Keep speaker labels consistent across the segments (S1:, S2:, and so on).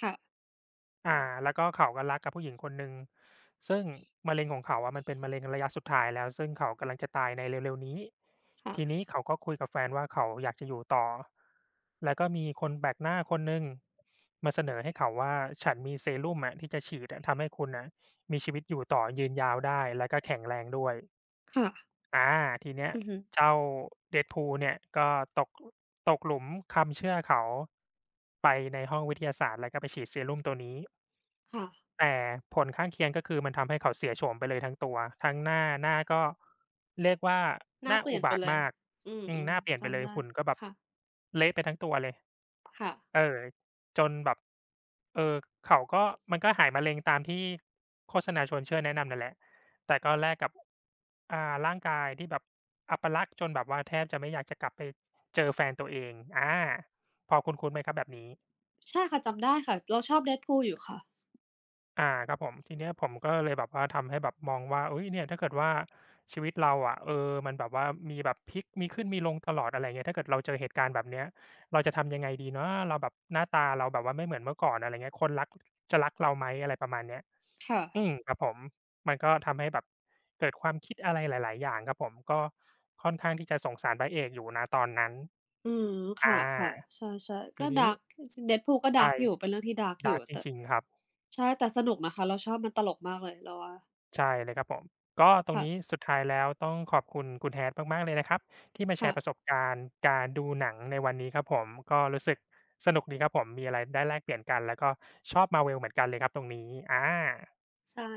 S1: ค่ะ อื
S2: อ
S1: ม
S2: า แล้วก็เขาก็รักกับผู้หญิงคนหนึ่ง ซึ่งมะเร็งของเขาอะ มันเป็นมะเร็งระยะสุดท้ายแล้ว ซึ่งเขากำลังจะตายในเร็ว ๆ นี้
S1: ค่
S2: ทีนี้
S1: ะ
S2: เขาก็คุยกับแฟนว่าเขาอยากจะอยู่ต่อ แล้วก็มีคนแปลกหน้าคนหนึ่งมาเสนอให้เขาว่า ฉันมี เซรุ่มอะที่จะฉีดอะ ทำให้คุณน่ะมีชีวิตอยู่ต่อยืนยาวได้ แล้วก็แข็งแรงด้วย
S1: ค่ะ
S2: อา ทีเนี้ย
S1: อือฮึ
S2: เจ้า Deadpool เนี่ยก็ ตก ตกหลุมคำเชื่อเขา ไปในห้องวิทยาศาสตร์ แล้วก็ไปฉีดเซรุ่มตัวนี้
S1: ค่ะ
S2: แต่ผลข้างเคียง ก็คือมันทำให้เขาเสียโฉมไปเลยทั้งตัว ทั้งหน้า หน้าก็เรียกว่า
S1: หน้
S2: หน
S1: า
S2: ้า
S1: เปลี่
S2: อ
S1: ย
S2: ุ
S1: น
S2: บ
S1: ไป
S2: าท
S1: เ
S2: ว
S1: ล
S2: ์ม
S1: ย
S2: าก
S1: อื
S2: อืม ห
S1: อ
S2: น้าเปลี่ย
S1: ๆ
S2: น
S1: จ
S2: ไปเล
S1: ำไ
S2: ย
S1: ด้
S2: หุ่นก็แบบ
S1: ค่ะ
S2: เละไปทั้งตัวเลย
S1: ค่ะ
S2: เออ จนแบบ เออ เขาก็ มันก็หายมะเร็งตามที่โฆษณาชวนเชื่อแนะนำนั่นแหละ แต่ก็แลกกับ อา ร่างกายที่แบบอัปลักษณ์ จนแบบว่าแทบจะไม่อยากจะกลับไป เจอแฟนตัวเอง อา พอคุ้น ๆ ไหมครับแบบนี้?
S1: ใช่ค่ะ จำได้ค่ะ เราชอบ Deadpool อยู่ค่ะ
S2: อา ครับผม ทีเนี้ยผมก็เลยแบบว่าทำให้แบบมองว่า อุ๊ย เนี่ย ถ้าเกิดว่าชีวิตเราอะ เออ มันแบบว่ามีแบบพลิกมีขึ้นมีลงตลอด อะไรอย่างเงี้ย ถ้าเกิดเราเจอเหตุการณ์แบบเนี้ย เราจะทำยังไงดีนะ เราแบบ หน้าตาเราแบบว่าไม่เหมือนเมื่อก่อน อะไรอย่างเงี้ย คนรัก จะรักเราไหม อะไรประมาณเนี้ย
S1: ค่ะ
S2: อืม ครับผม มันก็ทำให้แบบเกิดความคิดอะไรหลาย ๆ อย่างครับผม ก็ค่อนข้างที่จะสงสารพระเอกอยู่ ณ ตอนนั้น
S1: อืม ค
S2: อา
S1: ่ะ ๆ ใช่ ๆ
S2: ท
S1: ก็
S2: ีน
S1: ด
S2: ี้
S1: าร์ก จริง ๆ Deadpool ก็
S2: ใ
S1: ด
S2: ช
S1: าร์
S2: ่
S1: ก อยู่ เป็นเรื่องที่ ดาร์ก
S2: ด
S1: อย
S2: าร
S1: ู
S2: ์
S1: ่
S2: ก จ
S1: แต่
S2: ริง ๆ ครับ
S1: ใช่ แต่สนุกนะคะ เราชอบ มันตลกมากเลย เราว่า
S2: ใช่เลยครับผม ก็ตร
S1: ค
S2: ง
S1: ่
S2: นี
S1: ะ
S2: ้สุดท้ายแล้วต้องขอบคุณคุณ Hat มาก ๆ เลยนะครับ ที่มาแ
S1: ค
S2: ช
S1: ่
S2: ร์ป
S1: ะ
S2: ระสบการณ์การดูหนังในวันนี้ครับผม ก็รู้สึกสนุกดีครับผม มีอะไรได้แลกเปลี่ยนกัน แล้วก็ชอบ Marvel เหมือนกันเลยครับตรงนี้ อา
S1: ใช่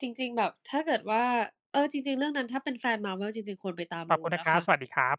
S1: จริง ๆ แบบถ้าเกิดว่า เออ จริง ๆ เรื่องนั้นถ้าเป็นแฟน Marvel จริง ๆ ควรไปตาม
S2: ข
S1: ด
S2: อบ
S1: ู
S2: คุณน
S1: น
S2: ะ
S1: ะ
S2: คร
S1: ค
S2: ับ
S1: ะ
S2: สวัสดีครับ